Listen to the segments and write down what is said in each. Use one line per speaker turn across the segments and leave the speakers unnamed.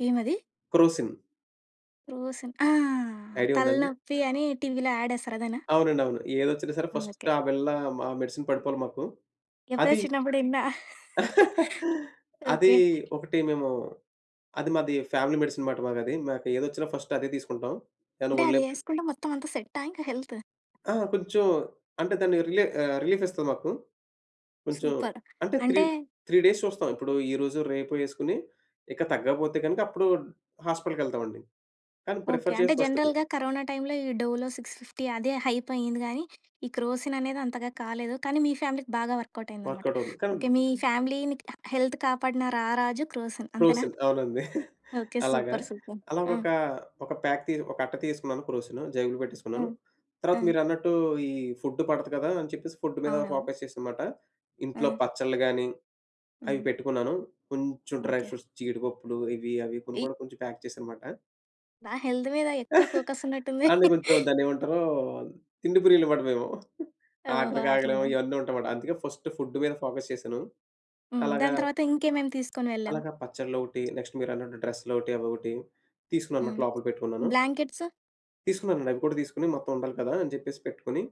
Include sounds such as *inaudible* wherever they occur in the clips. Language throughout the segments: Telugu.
ఏమది?
క్రోసిన్.
క్రోసిన్ ఆహ్,
ఐడియా ఉందా అండి?
తలనొప్పి అని టీవీ‌లో అడేస్తారు అదేనా?
అవునండి. అవును. ఏదొచ్చినా‌ సరే ఫస్ట్
అందుకే.
ఆ బిల్ల ఆ మెడిసిన్ పడిపోవాలి మాకు.
ఎప్పుడో
అది
చిన్నప్పుడు ఇన్న. *chuckles*
*chuckles* అది
ఓకే.
ఒకటి మేము అది మాది ఫ్యామిలీ మెడిసిన్ అన్నమాటది. మాకేదొచ్చినా ఫస్ట్ అదే తీసుకుంటాం. దాని
అంటే
వొళ్ళు నొప్పి
అదెసుకుంటే మొత్తం అంతా సెటా ఇంక హెల్తు?
ఆ! కొంచెం అంటే దాన్ని రిలె రిలీఫిస్తది మాకు. కొంచెం
సూపర్.
అంటే 3
అంటే
3 డేస్ చూస్తాం. ఇప్పుడు ఈరోజు రేపు యెసుకొని ఇక తగ్గకపోతే కనుక అప్పుడు హాస్పిటల్‌కెళ్తామండి కానీ
ఓకే.
ప్రిఫర్
అంటే
చేసి ఫస్టిది.
జనరల్‌గా కరోనా టైమ్‌‌లో ఈ డోలో సిక్స్‌ఫిఫ్టీ అదే హైపయింది గానీ ఈ క్రోసిన్ అనేది అంతగా కాలేదు. కానీ మీ ఫ్యామిలీకి బాగా వర్కవుటయిందన్నమాట.
వర్కవుటవుతుంది. కానీ
ఓకే మీ ఫ్యామిలీ‌ని క హెల్త్ కాపాడిన రారాజు క్రోసిన్ అంతేనా?
క్రోసిన్ అవునండి. *chuckles*
ఓకే
అలాగా.
సూపర్. సూపర్.
అలా
ఆ!
ఒక ఒక ప్యాక్ తి ఒక అట్ట తీసేసుకున్నాను క్రోసిను. జేబులో పెట్టేసుకున్నాను.
హ్మ్.
తర్వాత
ఆ!
మీరన్నట్టు ఈ ఫుడ్ పడదు కదా! అని చెప్పేసి ఫుడ్ మీద
అవునవును.
ఫోకస్ చేశా అన్నమాట. ఇంట్లో
ఆ!
పచ్చడ్లు గాని అయి
హ్మ్.
పెట్టుకున్నాను. కొంచెం డ్రై
ఓకే.
ఫ్రూట్స్ జీడిపప్పులు ఇవి అవి కొని
ఈ
కూడా కొంచెం ప్యాక్ చేశాననమాట.
బా హెల్త్ మీద ఎక్కువ
*chuckles*
ఫోకసున్నట్టుంది.
అంటె కొంచెం
*chuckles*
దాన్నెమంటారు తిండి ప్రియులు మాట‌ మేము.
ఓహొ!
ఆకలికాగలేము
అట్లనా?
ఇయన్నీ ఉంటాయన్నమాట. అందుకే ఫస్ట్ ఫుడ్ మీద ఫోకస్ చేశాను.
హ్మ్.
అలాగా...
దాని తర్వాత ఇంకేమేం తీసుకొని వెళ్ళావు?
అలాగా పచ్చడ్లోక‌టి నెక్స్టు మీరన్నట్టు డ్రెస్‌లొకటి అవొకటి
హ్మ్
తీసుకున్నానన్నమాట. లోపల పెట్టుకున్నాను.
బ్లాంకెట్స్?
తీసుకున్నానండి. అవి కూడా తీసుకొని మొత్తం ఉండాలి కదా! అని చెప్పేసి పెట్టుకొని.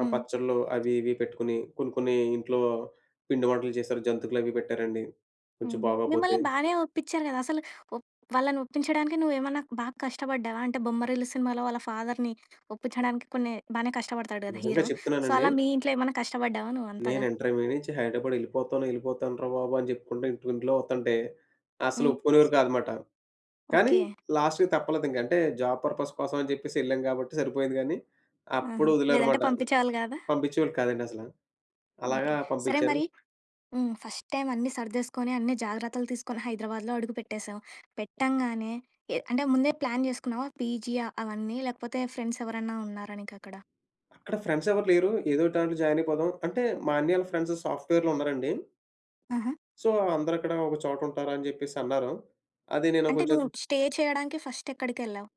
ఆ
హ్మ్.
పచ్చడ్లు అవి ఇవి పెట్టుకొని. కొన్ని కొన్ని ఇంట్లో పిండివంటలు జేశారు జంతుకలవి పెట్టారండి. కొంచెం
హ్మ్.
బాగోపోతే
మిమ్మల్ని బానే ఒప్పించారు గదా! అసలు ఒ వాళ్ళని ఒప్పించడానికి నువ్వేమన్నా బాగా కష్టపడ్డావా? అంటే బొమ్మరిల్లు సినిమాలో వాళ్ళ ఫాదర్‌ని ఒప్పించడానికి కొన్ని బానే కష్టపడతాడు గదా!
నిజంగా
హీరో. సో,
చెప్తున్నానండి
అలా మీ ఇంట్లో ఏమన్నా కష్టపడ్డావా
నేను
నువ్వంతగా?
ఇంటర్మీడియట్ నుంచి హైదరాబాద్ యెళ్ళిపోతాను యెళ్ళిపోతాను రా బాబు అని చెప్పుకుంటూ ఇంట్లో వతంటే. అసలు
హ్మ్.
ఒప్పుకునేవారు కాదనమాట. కానీ
ఓకే.
లాస్ట్‌కి తప్పలేదు. ఇంకంటే, జాబ్ పర్పస్ కోసం అని జెప్పేసి ఎళ్ళాం గాబట్టి సరిపోయింది గానీ. అప్పుడు
ఆహా! లేదంటే
వదిలారుమాట.
పంపిచేవాళ్ళు గాదా?
పంపించేవాళ్ళు కాదండి అసల. అలాగా
ఓకే. సరే!
పంపించారు.
మరి హ్మ్. ఫస్ట్‌ టైమ్ అన్నీ సర్దేసుకొని అన్నీ జాగ్రత్తలు తీసుకొని హైదరాబాద్‌లో అడుగు పెట్టేసావు. పెట్టంగానే ఎ అంటే ముందే ప్లాన్ జేసుకున్నావా పీజీ ఆ అవన్నీ? లేకపోతే ఫ్రెండ్స్ ఎవరన్నా ఉన్నారా నీకక్కడ?
అక్కడ ఫ్రెండ్సెవరు లేరు. ఏదోకటి దాంట్లో జాయినయిపోదాం. అంటే మా అన్ని‌యాళ్ళ ఫ్రెండ్సు సాఫ్ట్‌వేర్‌లో ఉన్నారండి.
ఆహ!
సో, అందరక్కడ ఒక చోట ఉంటారా అని చెప్పేసి అన్నారు. అది నేను
అంటే
కొంచెం
నువ్వు
ఆది
స్టే చేయడానికి ఫస్ట్ ఎక్కడికెళ్ళావు?